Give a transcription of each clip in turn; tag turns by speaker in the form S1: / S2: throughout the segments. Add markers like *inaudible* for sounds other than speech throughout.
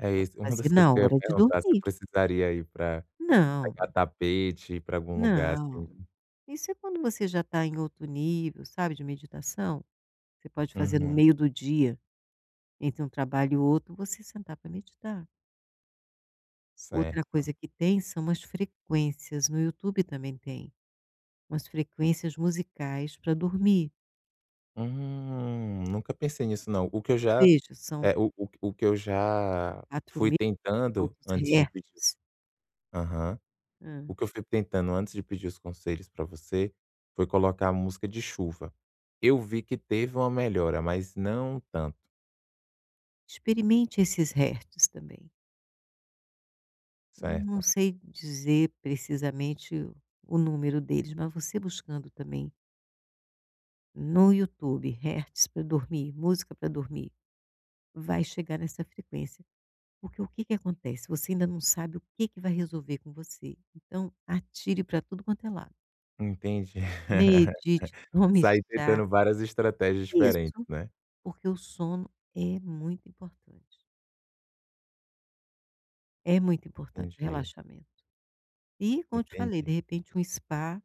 S1: É isso. Uma das
S2: Fazer
S1: coisas
S2: na
S1: que eu ia
S2: hora de
S1: perguntar, se eu
S2: dormir.
S1: precisaria ir pra
S2: Não.
S1: pegar tapete pra algum lugar, assim?
S2: Não. Isso é quando você já tá em outro nível, sabe, de meditação. Você pode fazer no
S1: Uhum.
S2: meio do dia, entre um trabalho e outro você sentar pra meditar. Outra
S1: Certo.
S2: coisa que tem são as frequências. No Youtube também tem umas frequências musicais pra dormir.
S1: Hum, nunca pensei nisso não. O que eu já,
S2: Veja, são
S1: eh, o o que eu já
S2: quatro
S1: fui
S2: mil
S1: tentando
S2: *unintelligible*
S1: antes de pedir,
S2: hertz.
S1: ass aham. O
S2: Hã.
S1: que eu fui tentando antes de pedir os conselhos pra você, foi colocar a música de chuva. Eu vi que teve uma melhora, mas não tanto.
S2: Experimente esses hertz também. Não não
S1: Certo.
S2: sei dizer precisamente o o número deles, mas você buscando também no YouTube: hertz pra dormir, música pra dormir, vai chegar nessa frequência. Porque o que que acontece? Você ainda não sabe o que que vai resolver com você, então atire pra tudo quanto é lado.
S1: Entendi. *laughs*
S2: Medite, tome
S1: Sair
S2: chá
S1: tentando várias estratégias
S2: Isso.
S1: diferentes, né.
S2: Porque o sono é muito importante. É muito importante o
S1: Entendi.
S2: relaxamento. E como eu te falei,
S1: Entendi.
S2: de repente um spa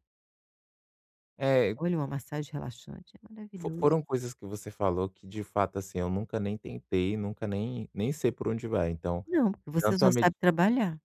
S1: É e
S2: Olha, uma massagem relaxante é
S1: Fo
S2: maravilhoso.
S1: foram coisas que você falou que de fato, assim, nunca nem tentei, nunca nem nem sei por onde vai. Então
S2: Não, porque você
S1: tanto
S2: só
S1: a med
S2: sabe trabalhar.